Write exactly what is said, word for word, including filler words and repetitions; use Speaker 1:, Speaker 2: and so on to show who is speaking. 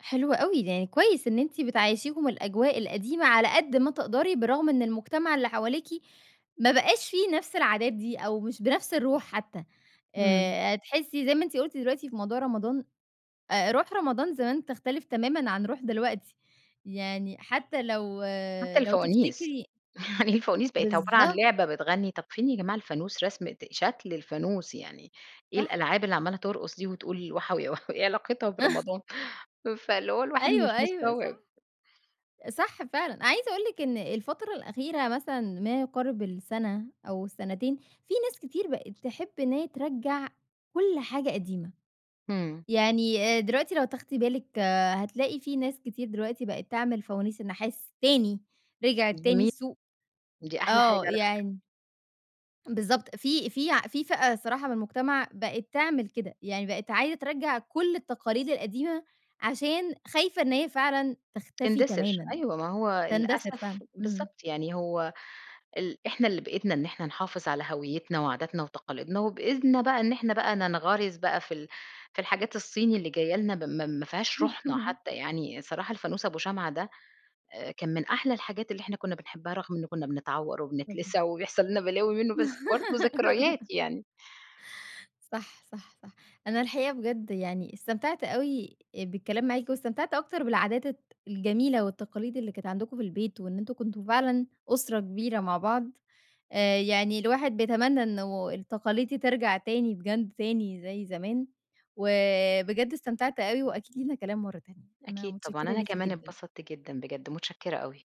Speaker 1: حلو أوي، يعني كويس إن أنتِ بتعيّشيهم الأجواء القديمة على قد ما تقدري، برغم إن المجتمع اللي حواليكِ ما بقاش فيه نفْس العادات دي أو مش بنفْس الروح حتى
Speaker 2: إمم.
Speaker 1: آآ، تحسّي زي ما أنتِ قُلتِ دلوقتي في موضوع رمضان، أ روح رمضان زمان تختلِف تمامًا عن روح دلوقتي، يعني حتى لو
Speaker 2: حتى
Speaker 1: لو
Speaker 2: الفوانيس،
Speaker 1: تفتكري
Speaker 2: الفوانيس بقِت عبارة عن
Speaker 1: بالضبط.
Speaker 2: لعبة بتغنّي، طَب فين يا جماعة الفانوس، رسمة شكْل الفانوس، يعني إيه
Speaker 1: صح.
Speaker 2: الألعاب اللي عمَّالة ترقُص دي وتقول وحَوي يا وحَوي، إيه علاقتها برمضان؟ فاللي هو الواحد
Speaker 1: أيوه،
Speaker 2: مش
Speaker 1: أيوه،
Speaker 2: مستوعِب.
Speaker 1: صح. صح فعلًا، عايزة أقول لِك إن الفترة الأخيرة مثلًا ما يقارِب السنة أو السنتين في ناس كتير بقِت تحب إن هي ترَجَّع كل حاجة قديمة،
Speaker 2: إمم.
Speaker 1: يعني أ دلوقتي لو تاخدي بالِك هتلاقي في ناس كتير دلوقتي بقِت تعمِل فوانيس النحاس تاني، رجعت تاني
Speaker 2: جميل.
Speaker 1: السوق.
Speaker 2: دي أحلى حاجة
Speaker 1: آه،
Speaker 2: على فكرة.
Speaker 1: يعني بالضبط، في في في فئة الصراحة من المجتمَع بقِت تعمل كده، يعني بقِت عايزة ترَجَّع كلّ التقاليد القديمة عشان خايفة إن هي فعلًا تختفي
Speaker 2: تندثِر.
Speaker 1: تمامًا.
Speaker 2: أيوه ما هو
Speaker 1: تندثِر فعلًا.
Speaker 2: للأسف
Speaker 1: إمم.
Speaker 2: بالضبط يعني هو ال إحنا اللي بإيدنا إن إحنا نحافِظ على هويّتنا وعاداتنا وتقاليدنا وبإذنا بقى إن إحنا بقى ننغَرِز بقى في ال في الحاجات الصيني اللي جايّة لنا م مافيهاش روحنا حتى يعني، صراحة الفانوس أبو شمعة ده أ كان من أحلى الحاجات اللي إحنا كُنّا بنحبها رغم إنه كُنّا بنتعوّر
Speaker 1: اهم.
Speaker 2: وبنتلسع وبيحصَل لنا بلاوي منه، بس برضه ذكريات يعني.
Speaker 1: صح، صح، صح، أنا الحقيقة بجَد يعني استمتعت أوي بالكلام معاكِ واستمتعت أكتر بالعادات الت الجميلة والتقاليد اللي كانت عندكم في البيت وإن أنتم كنتم فعلًا أسرة كبيرة مع بعض آآ، يعني الواحد بيتمنّى إنه التقاليد دي ترجَع تاني بجد تاني زي زمان، وبجد استمتعت أوي وأكيد لينا كلام مرَّة تانية، أنا
Speaker 2: أكيد طبعًا.
Speaker 1: متشكِّرة
Speaker 2: أنا
Speaker 1: ليكِ
Speaker 2: كمان
Speaker 1: جدًا.
Speaker 2: اتبسطت جدًا بجد. متشكّرة أوي.